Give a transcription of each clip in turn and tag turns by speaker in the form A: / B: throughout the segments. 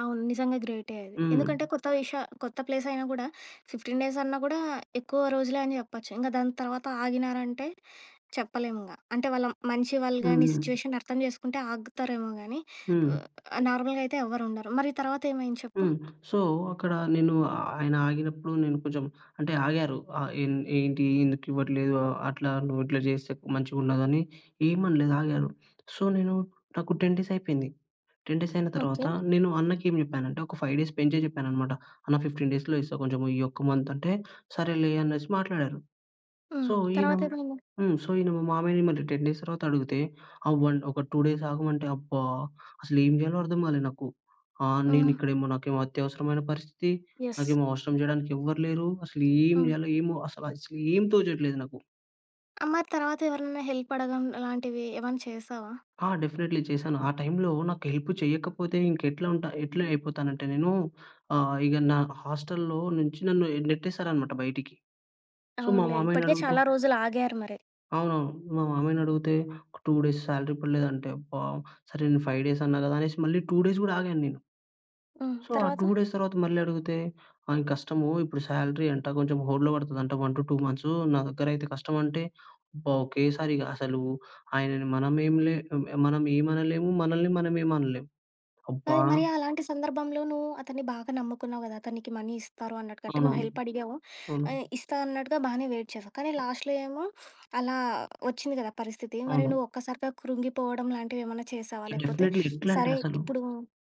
A: అవును. నిజంగా గ్రేటే అది! ఎందుకంటే
B: హ్మ్.
A: కొత్త విష కొత్త ప్లేస్ అయినా గూడా 15 డేస్ అన్నా కూడా ఎక్కువ రోజులే అని చెప్పొచ్చు. ఇంక దాని తర్వాత ఆగినారంటే చెప్పలేమింగా. అంటే వాళ్ళ మంచి వాళ్ళు గాని
B: హ్మ్.
A: సిట్యుయేషన్ అర్థం చేసుకుంటే ఆగుతారేమో గానీ ఉ
B: హ్మ్.
A: ఆహ్, నార్మల్‌గా అయితే ఎవ్వరుండరు. మరి తర్వాతేమైంది చెప్పు.
B: హ్మ్. సో, అక్కడ నేను ఆయన ఆగినప్పుడు నేను కొంచెం అంటే ఆగారు. ఆహ్, ఎం ఏంటి ఎందుకివ్వట్లేదు. అట్లా నువ్వు ఇట్లా చేస్తే మంచిగా ఉండదని ఏమనలేదు ఆగారు. సో, నేను నాకు 10 డేస్ అయిపోయింది. 10 డేస్ అయిన తర్వాత
A: ఓకే.
B: నేను అన్నకి ఏం చెప్పానంటే ఒక 5 డేస్ పెంచే చెప్పానన్నమాట. అన్న 15 డేస్‌లో ఇస్తా, కొంచెం ఈ ఒక్క మంత్ అంటే సరేలే అనేసి మాట్లాడారు.
A: హ్మ్.
B: సో, ఈయన
A: తర్వాతేమైంది?
B: హ్మ్. సో, ఈయన మా మామయ్యని 10 డేస్ తరువాత అడిగితే ఆహ్, 1 ఒక 2 డేస్ ఆగమంటే అబ్బా! అసలేం చేయాలో అర్థం కాలేదు నాకు. ఆహ్, నేను
A: హ్మ్.
B: ఇక్కడేమో నాకు అత్యవసరమైన పరిస్థితి.
A: యస్.
B: నాకేమో అవసరం చేయడానికి ఎవ్వరు లేరు. అసలు ఏం
A: హ్మ్.
B: చేయాలో ఏమో. అస అసలేం తోచట్లేదు నాకు.
A: ఆహ్, మరి తర్వాత ఎవరైనైనా హెల్ప్ అడగడం లాంటివి ఏమన్నా చేశావా?
B: ఆ! డెఫినైట్లీ చేశాను. ఆ టైమ్‌లో నాకు హెల్ప్ చేయకపోతే ఇంకా ఎట్లా ఉంట ఎట్లా అయిపోతానంటే నేను ఆహ్, ఇగ నా హాస్టల్‌లో నుంచి నన్ను నెట్టేసారన్నమాట బయటికి సో, మా
A: అవునులే
B: మామయ్యని
A: ఇప్పటికే
B: అడిగితే
A: చాలా రోజులు ఆగారు మరి.
B: అవునవును. మా మామయ్యనడిగితే 2 డేస్ సాలరీ పడలేదంటే అబ్బా! సరే నేను 5 డేస్ అన్నా కదా! అనేసి మళ్ళీ 2 డేస్ కూడా ఆగాన్నేను.
A: హ్మ్.
B: సో ఆ 2
A: తర్వాత.
B: డేస్ తరువాత మళ్ళీ అడిగితే, ఆయన "కష్టము ఇప్పుడు సాలరీ అంట కొంచెం హోల్డ్‌లో పడతదంట 1-2 మంత్సు నా దగ్గరైతే కష్టం" అంటే, అబ్బా! ఒకేసారిగ అసలు ఆయనను మనమేంలే మనం ఏం అనలేము. మనల్ని మనమేం అనలేము
A: అది
B: అబ్బా
A: మరి అలాంటి సందర్భంలో నువ్వు అతన్ని బాగా నమ్ముకున్నావు గదా! అతను నీకి మనీ ఇస్తారు అన్నట్టుగా. అంటే నువ్వు
B: అవునవును.
A: హెల్ప్ అడిగావు.
B: అవును.
A: ఆహ్, ఇస్తా అన్నట్టుగా బాగానే వెయిట్ చేసావు. కానీ లాస్ట్‌లో ఏమో అలా వచ్చింది గదా! పరిస్థితి. మరి
B: అవును.
A: నువ్వు ఒక్కసారిగా కృంగిపోవడం లాంటివి ఏమన్నా చేసావా? లేకపోతే
B: డెఫినెట్లీ. ఎట్లా అంటే
A: సరే
B: అసలు
A: ఇప్పుడు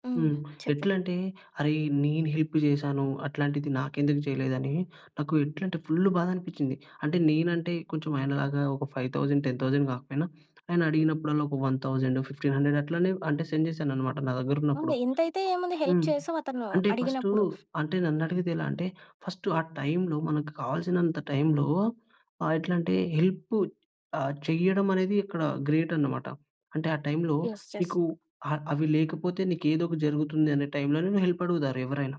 A: హ్మ్.
B: హ్మ్.
A: చెప్పు.
B: ఎట్లా అంటే అరేయ్ నేను హెల్ప్ చేశాను. అట్లాంటిది నాకెందుకు చేయలేదని నాకు ఎట్లా అంటే ఫుల్లు బాధనిపిచ్చింది. అంటే నేనంటే కొంచెం ఆయన లాగా ఒక 5,000, 10,000 కాకపోయినా, ఆయన అడిగినప్పుడల్లా ఒక 1,000 1,500 అట్లానే అంటే సెండ్ చేశానన్నమాట నా
A: ఉంది.
B: దగ్గరున్నప్పుడు.
A: ఎంతైతే ఏముంది హెల్ప్
B: హ్మ్.
A: చేసావు అతను
B: అంటే ఫస్టు
A: అడిగినప్పుడు.
B: అంటే నన్నడిగేదెలా అంటే ఫస్ట్ ఆ టైమ్‌లో మనకు కావాల్సినంత టైమ్‌లో ఆహ్, ఎట్లా అంటే హెల్ప్ ఆహ్, చేయడమనేది అక్కడ గ్రేట్ అన్నమాట. అంటే ఆ టైమ్‌లో
A: ఎస్ ఎస్.
B: నీకు అ అవి లేకపోతే నీకేదోకటి జరుగుతుంది అనే టైమ్‌లోనే నిన్ను హెల్ప్ అడుగుతారు ఎవరైనా.